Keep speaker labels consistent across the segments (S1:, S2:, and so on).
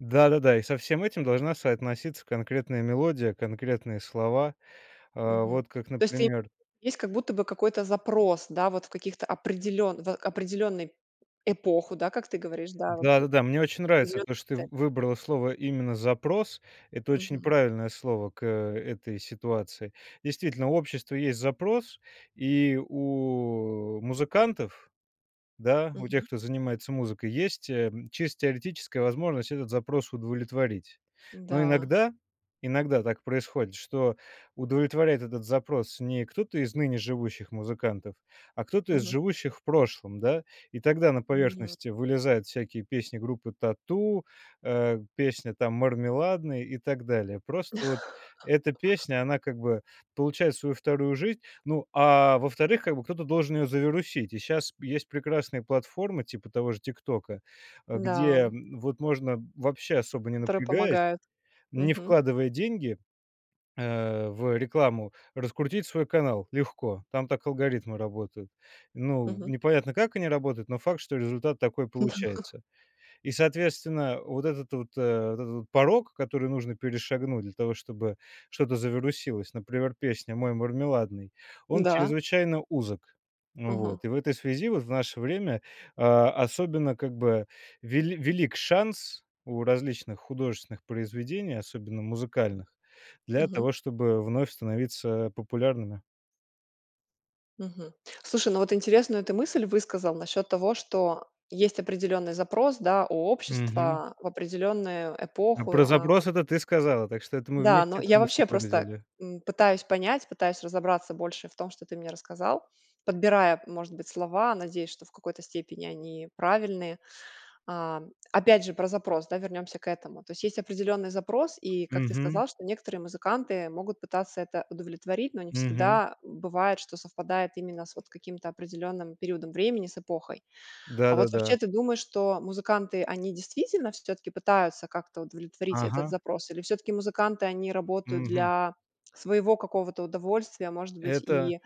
S1: Да, да, да, и со всем этим должна соотноситься конкретная мелодия, конкретные слова, э.
S2: Мгм.
S1: Вот как,
S2: То есть ты
S1: например.
S2: есть как будто бы какой-то запрос, да, вот в каких-то определён в определенной эпоху, да, как ты говоришь, да, вот
S1: Да, да, да, мне очень нравится то,
S2: определённый
S1: что ты в
S2: процесс.
S1: выбрала слово именно "запрос". Это очень
S2: Мгм.
S1: правильное слово к этой ситуации. Действительно, у общества есть запрос, и у, э, музыкантов, да, у тех,
S2: Мгм.
S1: кто занимается музыкой, есть, э, м, чисто теоретическая возможность этот запрос удовлетворить. Но
S2: Да.
S1: иногда, иногда так происходит, что удовлетворяет этот запрос не кто-то из ныне живущих музыкантов, а кто-то из
S2: Мгм.
S1: живущих в прошлом, да? И тогда на
S2: Мгм.
S1: поверхности вылезают всякие песни группы "Тату", э, песня там "Мармеладно" и так далее. Просто вот эта песня, она как бы получает свою вторую жизнь. Ну, а во-вторых, как бы кто-то должен ее завирусить. И щас есть прекрасные платформы типа того же "Тиктока", а, где
S2: Да.
S1: вот можно, вообще особо не
S2: Которые
S1: напрягаясь,
S2: помогают.
S1: не
S2: Мгм.
S1: вкладывая деньги, а, в рекламу, раскрутить свой канал. Легко. Там так алгоритмы работают. Ну,
S2: Мгм.
S1: непонятно, как они работают, но факт, что результат такой
S2: Да.
S1: получается. И, соответственно, вот этот вот, а, вот этот вот порог, который нужно перешагнуть для того, чтобы что-то завирусилось, например, песня "Мой мармеладный", он
S2: Да.
S1: чрезвычайно узок. Вот.
S2: Ага.
S1: И в этой связи вот в наше время, а, особенно как бы вели велик шанс у различных художественных произведений, особенно музыкальных, для
S2: Мгм.
S1: того, чтобы вновь становиться популярными.
S2: Мгм. Слушай, ну, вот интересную ты мысль высказал насчёт того, что есть определённый запрос, да, у
S1: Мгм.
S2: общества в определённую
S1: М,
S2: эпоху.
S1: про
S2: А
S1: запрос- это ты сказала, так что это мы
S2: Да, но
S1: вместе эту
S2: я
S1: мысль
S2: вообще
S1: и
S2: просто,
S1: выразили.
S2: м, пытаюсь понять, пытаюсь разобраться больше в том, что ты мне рассказал, подбирая, может быть, слова, надеясь, что в какой-то степени они правильные. А, опять же, про запрос, да, вернёмся к этому. То есть есть определённый запрос, и, как ты
S1: Мгм.
S2: сказал, что некоторые музыканты могут пытаться это удовлетворить, но не
S1: Мгм.
S2: всегда бывает, что совпадает именно с вот каким-то определённым периодом времени, с эпохой.
S1: Да,
S2: А вот
S1: да,
S2: вообще
S1: да.
S2: ты думаешь, что музыканты, они действительно всё-таки пытаются как-то удовлетворить этот
S1: Ага.
S2: запрос или всё-таки музыканты, они работают
S1: Мгм.
S2: для своего какого-то удовольствия, может быть,
S1: Это
S2: и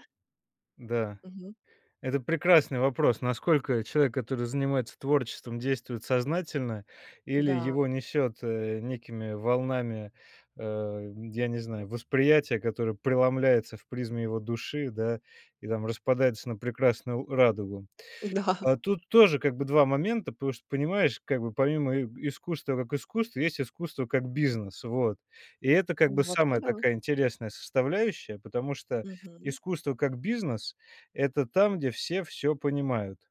S1: да.
S2: Мгм.
S1: Это прекрасный вопрос. Насколько человек, который занимается творчеством, действует сознательно, или
S2: Да.
S1: его несет, э, некими волнами, э, м, я не знаю, восприятия, которое преломляется в призме его души, да, и там распадается на прекрасную радугу.
S2: Да.
S1: А тут тоже как бы 2 момента, потому что, понимаешь, как бы, помимо иэ искусства как искусство, есть искусство как бизнес, вот. И это как
S2: А
S1: бы
S2: вообще,
S1: самая
S2: да.
S1: такая интересная составляющая, потому что
S2: Мгм.
S1: искусство как бизнес- это там, где все всё понимают.